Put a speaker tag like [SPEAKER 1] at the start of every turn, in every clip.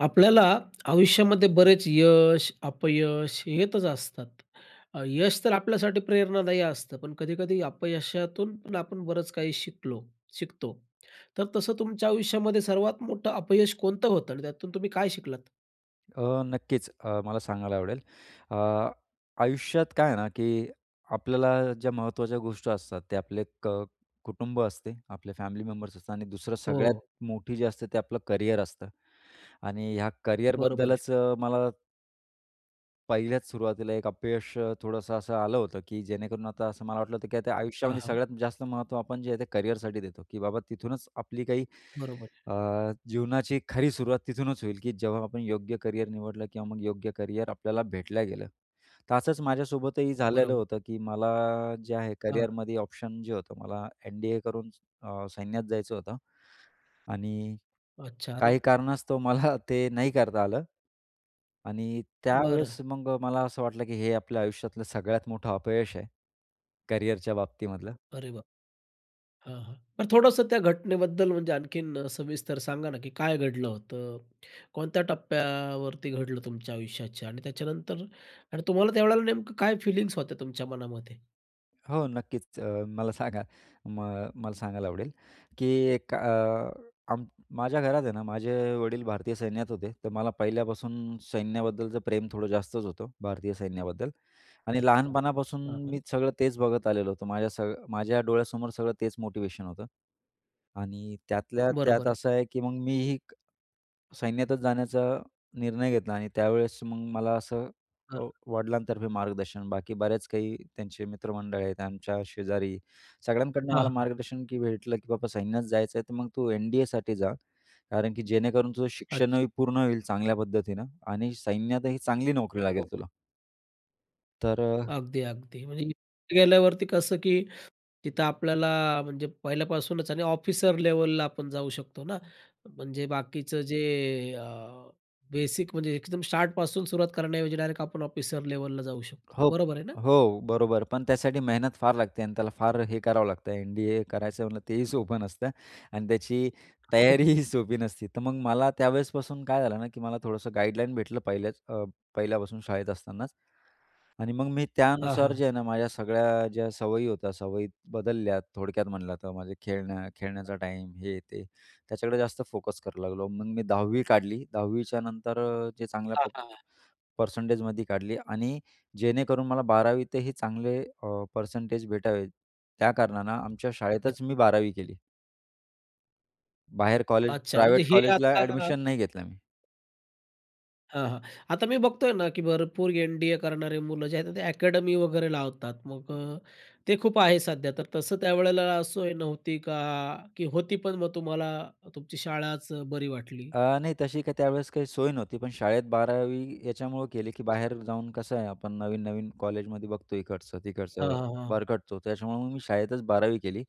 [SPEAKER 1] आपल्याला आयुष्यामध्ये बरेच यश, अपयश येतच असतात. अ, यश तर आपल्यासाठी प्रेरणादायी असतं, पण कधी-कधी, अपयशातून पण आपण बरंच काही शिकलो, शिकतो. तर तसं, तुमच्या आयुष्यामध्ये सर्वात मोठं अपयश कोणतं होतं आणि त्यातून तुम्ही काय शिकलात?
[SPEAKER 2] अ, नक्कीच. अ, मला सांगायला आवडेल, अ, आयुष्यात काय आहे ना, की आपल्याला ज्या महत्त्वाच्या गोष्टी असतात, ते आपले क कुटुंब असते, आपले फॅमिली मेंबर्स असतात. आणि दुसरं,
[SPEAKER 1] हो,
[SPEAKER 2] सगळ्यात
[SPEAKER 1] हो.
[SPEAKER 2] मोठी जी असते, ते आपलं करिअर असतं आणि ह्या
[SPEAKER 1] बरोबर आहे.
[SPEAKER 2] कॅरिअरबद्दलच मला पहिल्याच सुरुवातीला एक अपयश थोडंसं असं आलं होतं, की जेणेकरून आता असं मला वाटलं होतं, की आता
[SPEAKER 1] हां,
[SPEAKER 2] आयुष्यामध्ये
[SPEAKER 1] हां.
[SPEAKER 2] सगळ्यात जास्त महत्त्व आपण जे आहे ते करिअरसाठी देतो, की बाबा, तिथूनच आपली काही
[SPEAKER 1] बरोबर आहे.
[SPEAKER 2] अ, जीवनाची खरी सुरुवात तिथूनच होईल, की जेव्हा आपण योग्य करिअर निवडलं किंवा मग योग्य करिअर आपल्याला भेटल्या गेलं, तर असंच माझ्यासोबतही झालेलं
[SPEAKER 1] बरोबर.
[SPEAKER 2] होतं, की मला जे आहे
[SPEAKER 1] हां.
[SPEAKER 2] करिअरमध्ये ऑप्शन जे होतं, मला एन-डी-ए करून अ, सैन्यात जायचं होतं. आणि
[SPEAKER 1] अच्छा. अरे!
[SPEAKER 2] काही कारणास्तव मला ते नाही करता आलं. आणि
[SPEAKER 1] बरं.
[SPEAKER 2] त्यावेळेस, मग मला असं वाटलं, की हे आपल्या आयुष्यातलं सगळ्यात मोठं अपयश आहे, करियरच्या बाबतीमधलं.
[SPEAKER 1] अरे बाप! हां, हां. तर थोडंसं त्या घटनेबद्दल, म्हणजे आणखीन सविस्तर सांगा ना, की काय घडलं होतं, कोणत्या टप्प्यावरती घडलं तुमच्या आयुष्याच्या आणि त्याच्यानंतर आणि तुम्हाला त्यावेळेला नेमकं काय फिलिंग्स होत्या तुमच्या मनामध्ये?
[SPEAKER 2] हो नक्कीच, मला सांगा मग मला सांगायला आवडेल, की एक अ, माझ्या घरात आहे ना माझे वडील भारतीय सैन्यात होते, तर मला पहिल्यापासून सैन्याबद्दलचं प्रेम थोडं जास्तच होतं. भारतीय सैन्याबद्दल आणि
[SPEAKER 1] अच्छा,
[SPEAKER 2] लहानपणापासून
[SPEAKER 1] हा का?
[SPEAKER 2] मी सगळं तेच बघत आलेलो होतो, माझ्या स माझ्या डोळ्यासमोर सगळं तेच मोटिवेशन होतं आणि त्यातल्या
[SPEAKER 1] बरोबर
[SPEAKER 2] त्यात
[SPEAKER 1] आहे.
[SPEAKER 2] असं आहे, की मग मीही सैन्यातच जाण्याचा निर्णय घेतला आणि त्यावेळेस मग मला असं अ,
[SPEAKER 1] बरं.
[SPEAKER 2] वडिलांतर्फे मार्गदर्शन, बाकी बऱ्याच काही त्यांचे मित्रमंडळ आहेत, आमच्या शेजारी सगळ्यांकडनं
[SPEAKER 1] हां,
[SPEAKER 2] मला
[SPEAKER 1] हां.
[SPEAKER 2] मार्गदर्शन की भेटलं, की बाबा सैन्यात जायचं आहे तर मग तू एन-डी-एसाठी जा, कारण की जेणेकरून तुझं
[SPEAKER 1] अच्छा.
[SPEAKER 2] शिक्षणही पूर्ण होईल चांगल्या पद्धतीनं आणि सैन्यातही चांगली नोकरी
[SPEAKER 1] हो,
[SPEAKER 2] लागेल
[SPEAKER 1] हो.
[SPEAKER 2] तुला. तर अ
[SPEAKER 1] अगदी, अगदी, म्हणजे इथे गेल्यावरती कसं, की तिथं आपल्याला म्हणजे पहिल्यापासूनच आणि ऑफिसर लेवलला आपण जाऊ शकतो ना, म्हणजे बाकीचं जे अ, बेसिक म्हणजे एकदम स्टार्टपासून सुरुवात करण्याऐवजी, डायरेक्ट आपण ऑफिसर लेवलला जाऊ शकतो.
[SPEAKER 2] हो,
[SPEAKER 1] बरोबर आहे ना?
[SPEAKER 2] हो, बरोबर पण त्यासाठी मेहनत फार लागते आणि त्याला फार हे करावं लागतं, एन-डी-ए करायचं म्हणलं तेही सोपं नसतं आणि त्याची तयारी ही सोपी नसते. तर मग मला त्यावेळेसपासून काय झालं ना, की मला थोडंसं गाईडलाईन भेटलं, पहिल्या अ, पहिल्यापासून शाळेत असतानाच, आणि मग मी
[SPEAKER 1] हां, हां,
[SPEAKER 2] त्यानुसार
[SPEAKER 1] हां.
[SPEAKER 2] जे आहे ना माझ्या सगळ्या ज्या सवयी होत्या, सवयी बदलल्या. थोडक्यात म्हटलं तर माझं खेळण्या खेळण्याचा टाईम हे, ते त्याच्याकडे जास्त फोकस करू लागलो. मग मी 10 काढली 10 च्यानंतर जे चांगल्या
[SPEAKER 1] हां, हां, हां.
[SPEAKER 2] परसेंटेजमध्ये काढली आणि जेणेकरून मला 12 तही चांगले अ, परसेंटेज भेटावेत, त्या कारणानं आमच्या
[SPEAKER 1] [unintelligible]
[SPEAKER 2] शाळेतच मी 12 केली. बाहेर कॉलेज
[SPEAKER 1] अच्छा. म्हणजे
[SPEAKER 2] प्रायव्हेट
[SPEAKER 1] हे
[SPEAKER 2] कॉलेजला
[SPEAKER 1] आता
[SPEAKER 2] ऍडमिशन नाही घेतलं मी.
[SPEAKER 1] हां, हां. आता मी बघतोय ना, की भरपूर एन-डी-ए करणारे मुलं जे आहेत ना ते अकॅडमी वगैरे लावतात. मग अ, ते खूप आहे सध्या. तर तसं त्यावेळेला सोय नव्हती का, की होती पण मग तुम्हाला तुमची शाळाच बरी वाटली?
[SPEAKER 2] अ, नाही तशी काही त्यावेळेस काही सोय नव्हती. पण शाळेत 12वी याच्यामुळं केली, की
[SPEAKER 1] अच्छा.
[SPEAKER 2] बाहेर जाऊन कसं आहे आपण नवीन-नवीन कॉलेजमध्ये बघतो
[SPEAKER 1] हां,
[SPEAKER 2] इकडचं-तिकडचं,
[SPEAKER 1] हां, हां.
[SPEAKER 2] भरकटतो. तर त्याच्यामुळे मग मी शाळेतच 12वी केली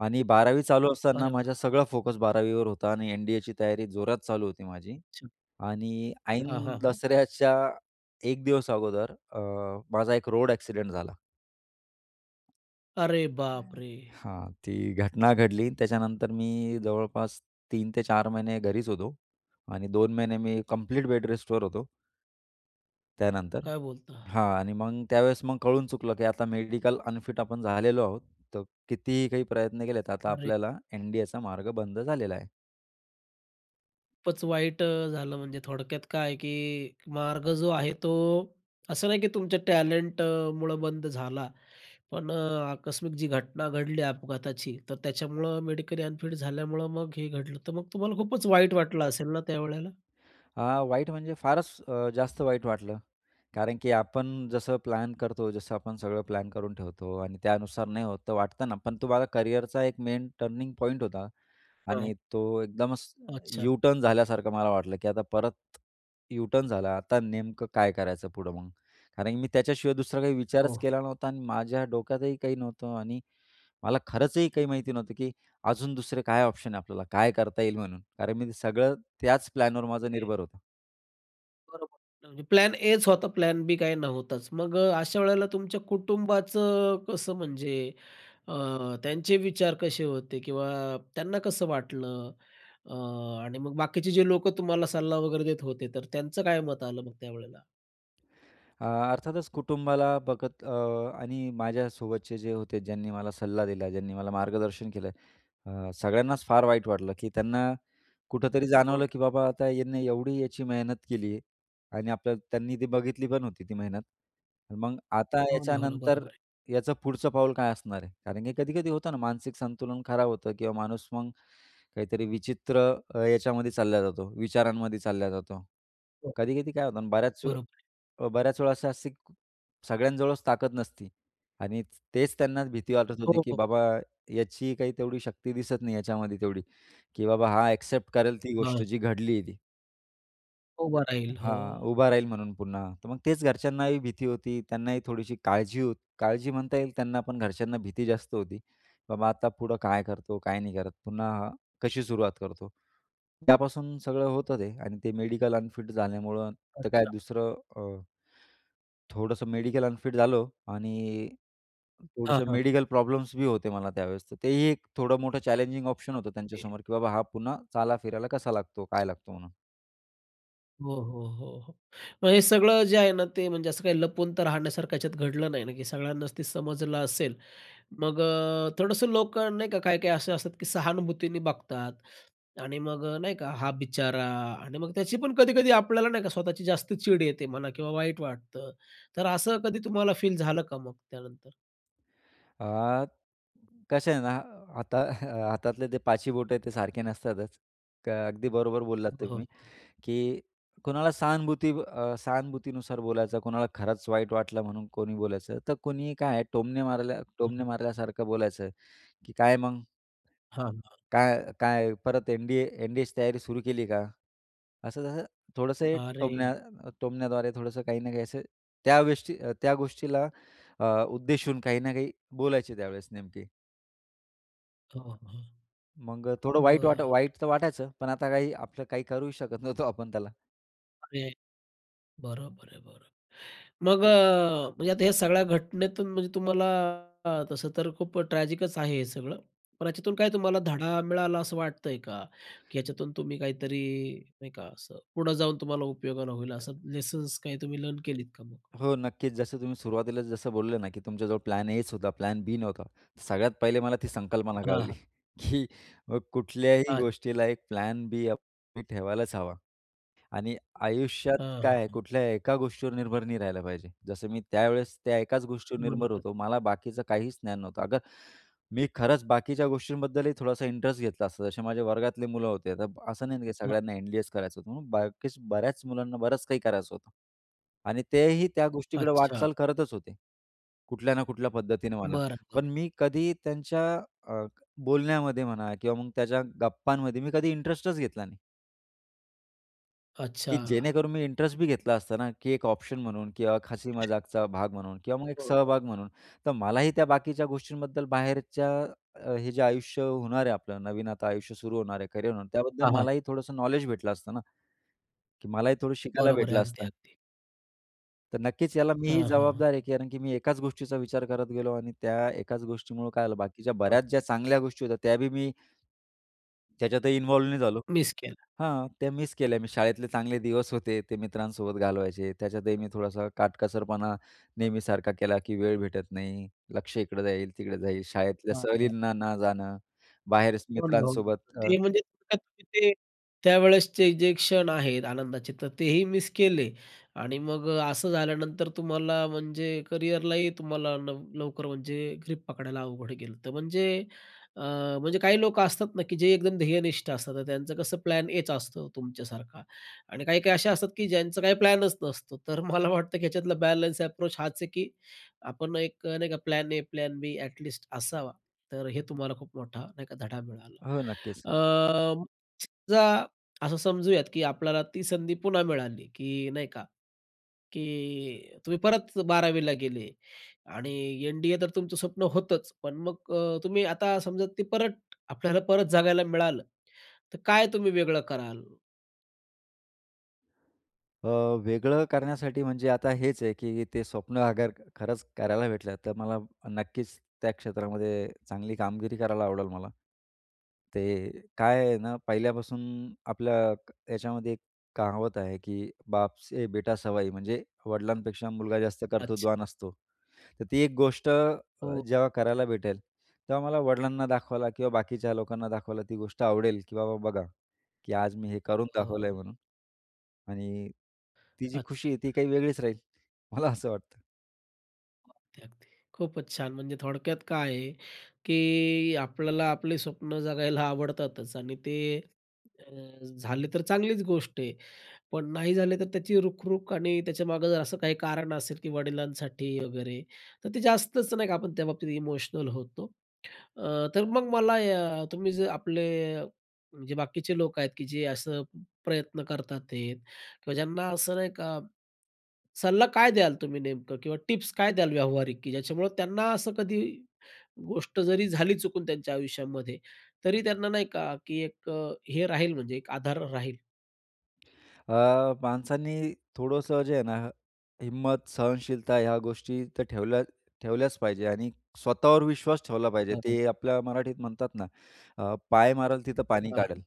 [SPEAKER 2] आणि 12वी चालू असताना
[SPEAKER 1] अरे वाह!
[SPEAKER 2] माझा सगळा फोकस 12वी वर होता आणि एन-डी-एची तयारी जोरात चालू होती माझी
[SPEAKER 1] अच्छा.
[SPEAKER 2] आणि
[SPEAKER 1] हां,
[SPEAKER 2] ऐन
[SPEAKER 1] हां, हां.
[SPEAKER 2] दसऱ्याच्या एक दिवस अगोदर अ, माझा एक रोड एक्सिडेंट झाला.
[SPEAKER 1] अरे,
[SPEAKER 2] काय आहे ना,
[SPEAKER 1] बापरे!
[SPEAKER 2] हां. ती घटना घडली आणि त्याच्यानंतर मी जवळपास 3 ते 4 महिने घरीच होतो आणि 2 महिने मी कंप्लीट बेडरेस्टवर होतो त्यानंतर.
[SPEAKER 1] काय बोलता?
[SPEAKER 2] हां आणि मग त्यावेळेस मग कळून चुकलं की आता मेडिकल अनफिट आपण झालेलो आहोत. तर कितीही काही प्रयत्न केलेत तर आता
[SPEAKER 1] अरे!
[SPEAKER 2] आपल्याला एन-डी-एचा मार्ग बंद झालेला आहे.
[SPEAKER 1] खूपच वाईट अ, झालं म्हणजे. थोडक्यात काय की मार्ग जो आहे, तो असं नाही की तुमच्या टॅलेंटमुळं बंद झाला. पण अ, आकस्मिक जी घटना घडली अपघाताची, तर त्याच्यामुळं मेडिकली अनफिट झाल्यामुळं मग हे घडलं. तर मग तुम्हाला खूपच वाईट वाटलं असेल ना त्यावेळेला?
[SPEAKER 2] अ, वाईट म्हणजे फारच अ, जास्त वाईट वाटलं. कारण की आपण जसं प्लॅन करतो, जसं आपण सगळं प्लॅन करून ठेवतो आणि त्यानुसार नाही होतं, तर वाटतं ना पण तो बघा करिअरचा एक मेन टर्निंग पॉइंट होता
[SPEAKER 1] हं.
[SPEAKER 2] आणि तो एकदमच
[SPEAKER 1] अच्छा.
[SPEAKER 2] यू टर्न झाल्यासारखं मला वाटलं, की आता परत, यू टर्न झाला आता नेमकं काय करायचं पुढं मग? कारण की मी त्याच्याशिवाय दुसरा काही विचारच
[SPEAKER 1] हो.
[SPEAKER 2] केला नव्हता आणि माझ्या डोक्यातही काही नव्हतं आणि मला खरंचही काही माहिती नव्हतं, की अजून दुसरे काय ऑप्शन आहे? आपल्याला काय करता येईल? म्हणून कारण मी ते सगळं त्याच प्लॅनवर माझं
[SPEAKER 1] ते.
[SPEAKER 2] निर्भर होतं.
[SPEAKER 1] बरोबर, म्हणजे प्लॅन एच होता, प्लॅन बी काही नव्हताच. मग अ, अशा वेळेला तुमच्या कुटुंबाचं कसं म्हणजे अ, त्यांचे विचार कसे होते किंवा त्यांना कसं वाटलं अ आणि मग बाकीचे जे लोकं तुम्हाला सल्ला वगैरे देत होते तर त्यांचं काय मत आलं मग त्यावेळेला?
[SPEAKER 2] अ, अर्थातच, कुटुंबाला बघत अ, आणि माझ्यासोबतचे जे होते, ज्यांनी मला सल्ला दिला, ज्यांनी मला मार्गदर्शन केलं, अ, सगळ्यांनाच फार वाईट वाटलं, की त्यांना कुठेतरी
[SPEAKER 1] [unintelligible]
[SPEAKER 2] जाणवलं, की बाबा, आता ह्यांना एवढी याची मेहनत केली आहे आणि आपलं त्यांनी ती बघितली होती, ती मेहनत. मग आता
[SPEAKER 1] हो ना, हो ना.
[SPEAKER 2] याच्यानंतर
[SPEAKER 1] बरोबर आहे.
[SPEAKER 2] याचं पुढचं पाऊल काय असणार आहे? कारण की कधी-कधी होतं ना, मानसिक संतुलन खराब होतं किंवा माणूस मग काहीतरी विचित्र याच्यामध्ये चालला जातो, विचारांमध्ये चालला जातो.
[SPEAKER 1] हं.
[SPEAKER 2] कधी-कधी काय होतं ना बऱ्याच
[SPEAKER 1] बरोबर आहे.
[SPEAKER 2] अ, बऱ्याच वेळा असं, अशी सगळ्यांजवळच ताकद नसती. आणि तेच त्यांना भीती वाटत होती,
[SPEAKER 1] हो,
[SPEAKER 2] की
[SPEAKER 1] हो.
[SPEAKER 2] बाबा, याची काही तेवढी शक्ती दिसत नाही याच्यामध्ये, तेवढी की बाबा हा एक्सेप्ट करेल ती गोष्ट,
[SPEAKER 1] हां.
[SPEAKER 2] जी घडली आहे ती.
[SPEAKER 1] उभं राहील,
[SPEAKER 2] हां.
[SPEAKER 1] हो.
[SPEAKER 2] उभा राहील, म्हणून पुन्हा. तर मग तेच घरच्यांनाही भीती होती, त्यांनाही थोडीशी काळजी हो काळजी म्हणता येईल, त्यांना पण. घरच्यांना भीती जास्त होती. बाबा, आता पुढं काय करतो, काय नाही करत, पुन्हा कशी सुरुवात करतो? त्यापासून सगळं होतं ते. आणि ते मेडिकल अनफिट झाल्यामुळं, तर काय,
[SPEAKER 1] अच्छा.
[SPEAKER 2] दुसरं अ, थोडंसं मेडिकल अनफिट झालो आणि
[SPEAKER 1] हां,
[SPEAKER 2] थोडंसं
[SPEAKER 1] हां.
[SPEAKER 2] मेडिकल प्रॉब्लम्स बी होते मला त्यावेळेस, तर तेही एक थोडं मोठं, चॅलेंजिंग ऑप्शन
[SPEAKER 1] हां,
[SPEAKER 2] होतं
[SPEAKER 1] हे.
[SPEAKER 2] त्यांच्यासमोर, की, बाबा हा पुन्हा चाला-फिरायला कसा लागतो, काय लागतो? म्हणून.
[SPEAKER 1] हो, हो, हो, हो, मग हे सगळं जे आहे ना, ते म्हणजे असं काही लपवून तर राहण्यासारखं ह्याच्यात घडलं नाही ना, की सगळ्यांनाच ते समजलं असेल मग अ, थोडंसं लोकं नाही का काही-काही असे असतात, की सहानुभूतीने बघतात आणि मग अ, नाही का हां, बिचारा आणि मग त्याची पण कधी-कधी आपल्याला नाही का स्वतःची जास्त चीड येते म्हणा किंवा वाईट वाटतं, तर असं कधी तुम्हाला फील झालं का मग त्यानंतर?
[SPEAKER 2] अ, कसं आहे ना, आता हातातले ते पाची बोटं ते सारखे नसतातच, तर अगदी बरोबर बोललात
[SPEAKER 1] हो,
[SPEAKER 2] तुम्ही,
[SPEAKER 1] हो.
[SPEAKER 2] की कुणाला सहानुभूती अ, सहानुभूतीनुसार बोलायचं, कुणाला खरंच वाईट वाटलं म्हणून कोणी बोलायचं, तर कोणीही काय टोमणे मारल्या टोमणे मारल्यासारखं बोलायचं, की काय मग?
[SPEAKER 1] हां, हां.
[SPEAKER 2] काय काय. परत एन-डी-ए एन-डी-एची तयारी सुरू केली का? असं तसं थोडंसं हे
[SPEAKER 1] अरे!
[SPEAKER 2] टोमण्या टोमण्याद्वारे थोडंसं काही ना काही असं त्या गोष्टी त्या गोष्टीला अ, उद्देशून काही ना काही बोलायचे त्यावेळेस नेमके.
[SPEAKER 1] हो, हो.
[SPEAKER 2] मग थोडं वाईट वाट
[SPEAKER 1] बरं.
[SPEAKER 2] वाईट तर वाटायचं, पण आता काही आपलं काही करू शकत नव्हतो आपण त्याला.
[SPEAKER 1] अरे, बरोबर आहे, बरोबर. मग अ, म्हणजे आता या सगळ्या घटनेतून म्हणजे तुम्हाला अ, तसं तर खूप ट्रॅजिकच आहे हे सगळं. पण याच्यातून काय तुम्हाला धडा मिळाला असं वाटतंय का? की याच्यातून तुम्ही काहीतरी नाही का असं पुढं जाऊन तुम्हाला उपयोगाला होईल असं लेसन्स काही तुम्ही लर्न केलीत का मग?
[SPEAKER 2] हो नक्कीच जसं तुम्ही सुरुवातीलाच जसं बोलले ना की तुमच्याजवळ प्लॅन एच होता प्लॅन बी नव्हता. सगळ्यात पहिले मला ती संकल्पना
[SPEAKER 1] हां,
[SPEAKER 2] कळली
[SPEAKER 1] हां.
[SPEAKER 2] की मग कुठल्याही
[SPEAKER 1] अत
[SPEAKER 2] गोष्टीला एक प्लॅन बी आप तुम्ही ठेवायलाच हवा. आणि आयुष्यात
[SPEAKER 1] हां,
[SPEAKER 2] काय,
[SPEAKER 1] हां.
[SPEAKER 2] कुठल्याही एका गोष्टीवर निर्भर नाही राहिला पाहिजे. जसं मी त्यावेळेस त्या एकाच गोष्टीवर निर्भर
[SPEAKER 1] बरोबर.
[SPEAKER 2] होतो मला बाकीचं काहीच ज्ञान नव्हतं. अगर मी खरंच बाकीच्या गोष्टींबद्दलही थोडासा इंटरेस्ट घेतला असता, जसे माझ्या वर्गातले मुलं होते तर असं नाही की
[SPEAKER 1] हं.
[SPEAKER 2] सगळ्यांना एम-बी-एच करायचं होतं, म्हणून बाकीच बऱ्याच मुलांना बरंच काही करायचं होतं आणि तेही त्या गोष्टीकडे
[SPEAKER 1] अच्छा.
[SPEAKER 2] वाटचाल करतच होते. कुठल्या ना कुठल्या पद्धतीने म्हणा.
[SPEAKER 1] बरं, बरं.
[SPEAKER 2] पण मी कधी त्यांच्या अ, क बोलण्यामध्ये म्हणा किंवा मग त्यांच्या गप्पांमध्ये मी कधी इंटरेस्टच घेतला नाही. की
[SPEAKER 1] अच्छा.
[SPEAKER 2] जेणेकरून मी इंटरेस्ट बी घेतला असता ना की एक ऑप्शन म्हणून किंवा हसी
[SPEAKER 1] अच्छा.
[SPEAKER 2] मजाकचा भाग म्हणून किंवा मग एक
[SPEAKER 1] हो, हो.
[SPEAKER 2] सहभाग म्हणून, तर मलाही त्या बाकीच्या गोष्टींबद्दल बाहेरच्या हे जे आयुष्य होणार आहे आपलं नवीन आता आयुष्य सुरू होणार आहे, करियर होणार त्याबद्दल
[SPEAKER 1] हां, हां.
[SPEAKER 2] मलाही थोडंसं नॉलेज भेटलं असतं ना? की मलाही थोडं शिकायला
[SPEAKER 1] बरोबर आहे.
[SPEAKER 2] भेटलं
[SPEAKER 1] अगदी,
[SPEAKER 2] असतं.
[SPEAKER 1] अगदी.
[SPEAKER 2] तर नक्कीच याला मी
[SPEAKER 1] हां,
[SPEAKER 2] ही
[SPEAKER 1] हां, हां,
[SPEAKER 2] जबाबदार
[SPEAKER 1] हां.
[SPEAKER 2] आहे. कारण की मी एकाच गोष्टीचा विचार करत गेलो आणि त्या एकाच गोष्टीमुळे काय झालं बाकीच्या
[SPEAKER 1] हां.
[SPEAKER 2] बऱ्याच ज्या चांगल्या गोष्टी होत्या त्या बी मी त्याच्यातही इन्वॉल्व नाही झालो
[SPEAKER 1] मिस केला.
[SPEAKER 2] हां, त्या मिस केल्या मी शाळेतले चांगले दिवस होते, ते मित्रांसोबत घालवायचे. त्याच्यातही मी थोडासा काटकसरपणा नेहमीसारखा केला की वेळ भेटत नाही, लक्ष इकडं जाईल, तिकडं जाईल. शाळेतल्या
[SPEAKER 1] हां, हां.
[SPEAKER 2] सहलीना न जाणं, बाहेर
[SPEAKER 1] हो ना, हो ना.
[SPEAKER 2] मित्रांसोबत अ
[SPEAKER 1] ते म्हणजे ते, ते त्यावेळेसचे जे क्षण आहेत आनंदाचे तर तेही मिस केले आणि मग अ, असं झाल्यानंतर तुम्हाला म्हणजे करिअरलाही तुम्हाला लव लवकर म्हणजे ग्रिप पकडायला अवघड गेलं तर म्हणजे अ, म्हणजे काही लोक असतात ना की जे एकदम ध्येयनिष्ठ असतात, तर त्यांचं कसं प्लॅन एच असतं तुमच्यासारखा. आणि काही-काही अशा असतात की ज्यांचं काही प्लॅनच नसतो तर मला वाटतं की याच्यातला बॅलन्स अप्रोच हाच आहे की आपण एक नाही का plan A, plan B at least असावा. तर हे तुम्हाला खूप मोठा नाही का धडा मिळाला?
[SPEAKER 2] हो, नक्कीच.
[SPEAKER 1] अ, समजा असं समजूयात की आपल्याला ती संधी पुन्हा मिळाली की नाही का? की तुम्ही परत 12वी ला गेले आणि एन-डी-ए तर तुमचं स्वप्न होतंच. पण मग अ, तुम्ही आता समजा ते परत आपल्याला परत जगायला मिळालं, तर काय तुम्ही वेगळं कराल?
[SPEAKER 2] अ, वेगळं करण्यासाठी म्हणजे आता हेच आहे, की ते स्वप्न अगर खरंच करायला भेटलं, तर मला नक्कीच त्या क्षेत्रामध्ये चांगली कामगिरी करायला आवडेल मला. ते काय आहे ना, पहिल्यापासून आपल्या याच्यामध्ये एक कहावत आहे, की "बाप से बेटा सवाई" म्हणजे वडिलांपेक्षा मुलगा जास्त
[SPEAKER 1] अच्छा.
[SPEAKER 2] कर्तृत्वान असतो. तर ती एक अ, गोष्ट
[SPEAKER 1] हो.
[SPEAKER 2] जेव्हा करायला भेटेल, तेव्हा मला वडिलांना दाखवायला किंवा बाकीच्या लोकांना दाखवायला ती गोष्ट आवडेल, की "बाबा बघा, की आज मी हे करून
[SPEAKER 1] हो,
[SPEAKER 2] दाखवलंय
[SPEAKER 1] हो.
[SPEAKER 2] म्हणून." आणि ती जी खुशी
[SPEAKER 1] अच्छा.
[SPEAKER 2] आहे ती काही वेगळीच राहील, मला असं वाटतं.
[SPEAKER 1] अगदी, अगदी. खूपच छान म्हणजे थोडक्यात काय आहे, की आपल्याला आपले स्वप्नं जगायला आवडतातच आणि ते अ, झाले तर चांगलीच गोष्ट आहे. पण नाही झाले तर त्याची रुखरुख आणि त्याच्यामागे जर असं काही कारण असेल, की वडिलांसाठी वगैरे तर ते जास्तच नाही का, आपण त्याबाबतीत इमोशनल होतो. अ, तर मग मला अ, तुम्ही जर आपले जे बाकीचे लोक आहेत की जे असं प्रयत्न करतात ते किंवा ज्यांना असं नाही का, सल्ला काय द्याल तुम्ही नेमकं? किंवा टिप्स काय द्याल व्यावहारिक? की ज्याच्यामुळं त्यांना असं कधी गोष्ट जरी झाली चुकून त्यांच्या आयुष्यामध्ये, तरी त्यांना नाही का, की एक अ, हे राहील, म्हणजे एक आधार राहील.
[SPEAKER 2] अ, माणसांनी थोडंसं जे आहे ना, हिंमत सहनशीलता ह्या गोष्टी तर ठेवल्या ठेवल्याच पाहिजे आणि स्वतःवर विश्वास ठेवला पाहिजे,
[SPEAKER 1] [unintelligible]
[SPEAKER 2] ते आपल्या मराठीत म्हणतात ना, अ, पाय मारेल तिथं पाणी
[SPEAKER 1] आ, हां.
[SPEAKER 2] काढेल.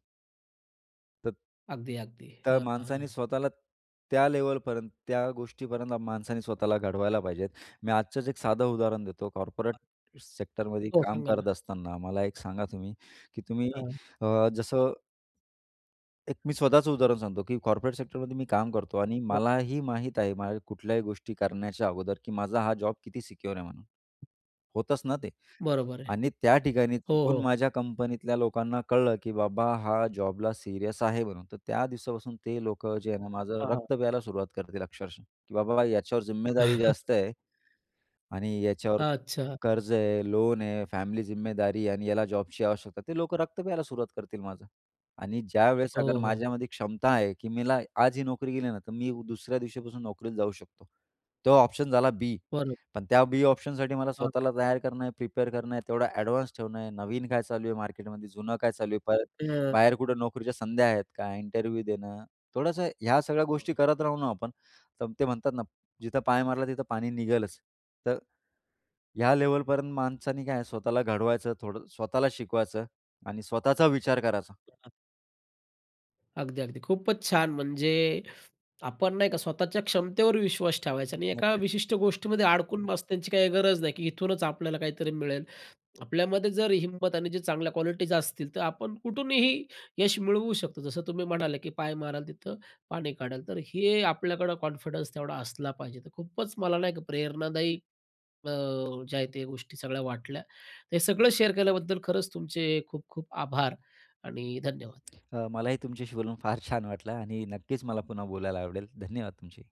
[SPEAKER 2] त
[SPEAKER 1] अगदी, अगदी.
[SPEAKER 2] तर
[SPEAKER 1] हं,
[SPEAKER 2] माणसांनी
[SPEAKER 1] हां.
[SPEAKER 2] स्वतःला त्या लेवलपर्यंत, त्या गोष्टीपर्यंत माणसांनी स्वतःला घडवायला पाहिजेत, मी आजच एक साधं उदाहरण देतो, कॉर्पोरेट सेक्टरमध्ये
[SPEAKER 1] हो,
[SPEAKER 2] काम
[SPEAKER 1] सांगा ना.
[SPEAKER 2] करत असताना मला एक सांगा तुम्ही, की तुम्ही
[SPEAKER 1] हां.
[SPEAKER 2] अ,
[SPEAKER 1] हां.
[SPEAKER 2] जसं एक मी स्वतःचं उदाहरण सांगतो, की कॉर्पोरेट सेक्टरमध्ये मी काम करतो आणि
[SPEAKER 1] हो, [unintelligible]
[SPEAKER 2] मलाही माहीत आहे, माझ्या कुठल्याही गोष्टी करण्याच्या अगोदर, की माझा हां, जॉब किती सिक्योर आहे म्हणून. होतच ना ते.
[SPEAKER 1] बरोबर आहे.
[SPEAKER 2] आणि त्या ठिकाणी
[SPEAKER 1] हो,
[SPEAKER 2] चुकून
[SPEAKER 1] हो.
[SPEAKER 2] माझ्या कंपनीतल्या लोकांना कळलं, की बाबा हा जॉबला सीरियस आहे म्हणून, तर त्या दिवसापासून ते लोकं जे आहे ना, माझं
[SPEAKER 1] हां, हां.
[SPEAKER 2] रक्त प्यायला सुरुवात करतील अक्षरशः की बाबा याच्यावर जिम्मेदारी जास्त आहे. आणि याच्यावर
[SPEAKER 1] अच्छा.
[SPEAKER 2] कर्ज आहे, लोन आहे, फॅमिली जिम्मेदारी आणि याला जॉबची आवश्यकता, ते लोकं रक्त प्यायला सुरुवात करतील माझं. आणि ज्यावेळेस
[SPEAKER 1] हो,
[SPEAKER 2] अगर
[SPEAKER 1] हो.
[SPEAKER 2] माझ्यामध्ये क्षमता आहे, की मला आज ही नोकरी गेली ना, तर मी दुसऱ्या दिवशीपासून नोकरीला जाऊ शकतो, तेव्हा ऑप्शन झाला बी,
[SPEAKER 1] बरोब
[SPEAKER 2] पण त्या बी ऑप्शनसाठी मला
[SPEAKER 1] हां.
[SPEAKER 2] स्वतःला तयार करणं आहे, प्रिपेअर करणं आहे, तेवढं एडव्हान्स ठेवणं आहे, नवीन काय चालू आहे मार्केटमध्ये, जुनं काय चालू आहे, परत बाहेर
[SPEAKER 1] हां
[SPEAKER 2] कुठे नोकरीच्या संध्या आहेत का, इंटरव्ह्यू देणं, थोडंसं ह्या सगळ्या गोष्टी
[SPEAKER 1] [unintelligible]
[SPEAKER 2] करत राहू ना आपण, तर ते म्हणतात ना, जिथं पाय मारला तिथं पाणी निघेलच, तर ह्या लेव्हलपर्यंत माणसाने काय स्वतःला घडवायचं, थोडं स्वतःला शिकवायचं आणि स्वतःचा विचार करायचा.
[SPEAKER 1] [unintelligible] अगदी, अगदी. खूपच छान, म्हणजे आपण नाही का स्वतःच्या क्षमतेवर विश्वास ठेवायचा आणि एका
[SPEAKER 2] नक्कीच.
[SPEAKER 1] विशिष्ट गोष्टीमध्ये अडकून बस त्यांची काही गरज नाही, की इथूनच आपल्याला काहीतरी मिळेल, आपल्यामध्ये जर हिंमत आणि जे चांगल्या क्वालिटीज असतील, तर आपण कुठूनही यश मिळवू शकतो, जसं तुम्ही म्हणाले, की पाय माराल तिथं पाणी काढाल, तर हे आपल्याकडं कॉन्फिडन्स तेवढा असला पाहिजे, तर खूपच मला नाही का प्रेरणादायी अ, ज्या आहेत त्या गोष्टी सगळ्या वाटल्या, हे सगळं शेअर केल्याबद्दल खरंच तुमचे खूप खूप आभार आणि धन्यवाद.
[SPEAKER 2] अ, मलाही तुमच्याशी बोलून फार छान वाटलं आणि नक्कीच मला पुन्हा बोलायला आवडेल. धन्यवाद तुमचेही.